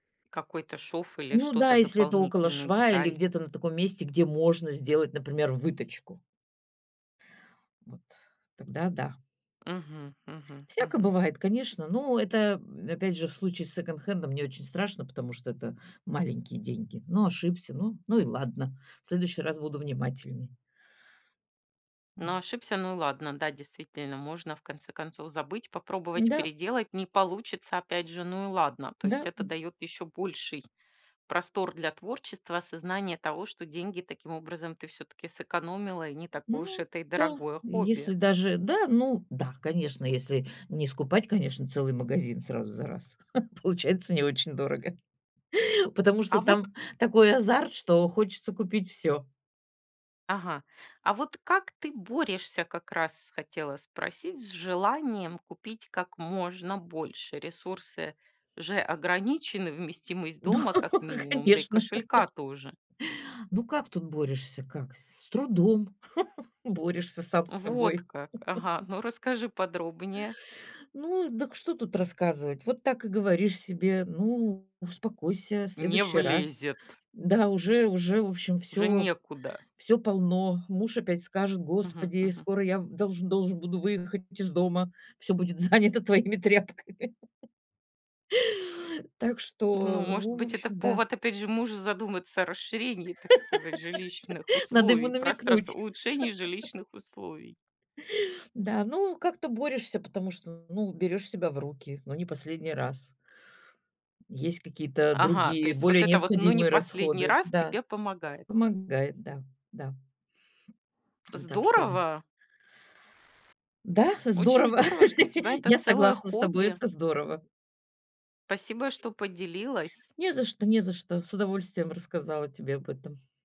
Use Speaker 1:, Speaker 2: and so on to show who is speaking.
Speaker 1: Какой-то шов или
Speaker 2: Ну
Speaker 1: что-то
Speaker 2: да, если это около
Speaker 1: дополнительную
Speaker 2: шва или
Speaker 1: деталь.
Speaker 2: где-то на таком месте, где можно сделать, например, вытачку. Вот. Тогда да.
Speaker 1: Мгм мгм
Speaker 2: Всяко
Speaker 1: мгм.
Speaker 2: бывает, конечно, но это, м, опять же, в случае с секонд-хендом не очень страшно, потому что это маленькие деньги. Ну, ошибся, ну ну и ладно, в следующий раз буду внимательней.
Speaker 1: Ну
Speaker 2: М.
Speaker 1: ошибся, ну и ладно. Да, действительно, можно в конце концов забыть, попробовать
Speaker 2: Н-да.
Speaker 1: переделать, не получится опять же, ну и ладно. То есть,
Speaker 2: Да,
Speaker 1: это
Speaker 2: м.
Speaker 1: даёт ещё больший простор для творчества, осознание того, что деньги таким образом ты всё-таки сэкономила и не такое уж
Speaker 2: Ну
Speaker 1: это и
Speaker 2: да,
Speaker 1: дорогое хобби.
Speaker 2: если даже да, ну да, конечно, если не скупать, конечно, целый магазин сразу за раз, получается не очень дорого. Потому что
Speaker 1: А вот
Speaker 2: там такой азарт, что хочется купить всё.
Speaker 1: Ага. А вот как ты борешься, как раз хотела спросить, с желанием купить как можно больше. Ресурсы же ограничены, вместимость
Speaker 2: Но,
Speaker 1: дома как минимум, да и
Speaker 2: конечно.
Speaker 1: кошелька тоже.
Speaker 2: Ну как тут борешься, как? С трудом борешься сам с
Speaker 1: Вот
Speaker 2: собой.
Speaker 1: как, ага, ну расскажи подробнее.
Speaker 2: Ну, дак что тут рассказывать? Вот так и говоришь себе: "Ну, успокойся, в
Speaker 1: Не
Speaker 2: следующий раз.
Speaker 1: влезет.
Speaker 2: Да, уже уже, в общем,
Speaker 1: Уже
Speaker 2: всё
Speaker 1: некуда.
Speaker 2: всё полно. Муж опять скажет:
Speaker 1: Мгм
Speaker 2: 'Господи,
Speaker 1: мгм.
Speaker 2: скоро я в должен должен буду выехать из дома. Всё будет занято твоими тряпками'". Так
Speaker 1: Ну
Speaker 2: что,
Speaker 1: может
Speaker 2: ну в
Speaker 1: быть это
Speaker 2: общем, да.
Speaker 1: повод опять же мужу задуматься о расширении, так сказать, жилищных
Speaker 2: Надо ему
Speaker 1: условий пространства,
Speaker 2: намекнуть.
Speaker 1: улучшении жилищных условий.
Speaker 2: Да, ну как-то борешься, потому что, ну, берешь себя в руки: ну не последний раз. Есть какие-то
Speaker 1: Ага, то
Speaker 2: другие,
Speaker 1: есть, вот
Speaker 2: более
Speaker 1: это вот, "ну не
Speaker 2: необходимые
Speaker 1: последний
Speaker 2: расходы.
Speaker 1: раз",
Speaker 2: Да,
Speaker 1: тебе помогает?
Speaker 2: помогает, да, да. Так что, в
Speaker 1: Здорово.
Speaker 2: Да,
Speaker 1: Очень
Speaker 2: здорово.
Speaker 1: здорово, что у тебя это
Speaker 2: Я
Speaker 1: целое
Speaker 2: согласна с тобой,
Speaker 1: хобби.
Speaker 2: это здорово.
Speaker 1: Спасибо, что поделилась.
Speaker 2: Не за что не за что. С удовольствием рассказала тебе об этом.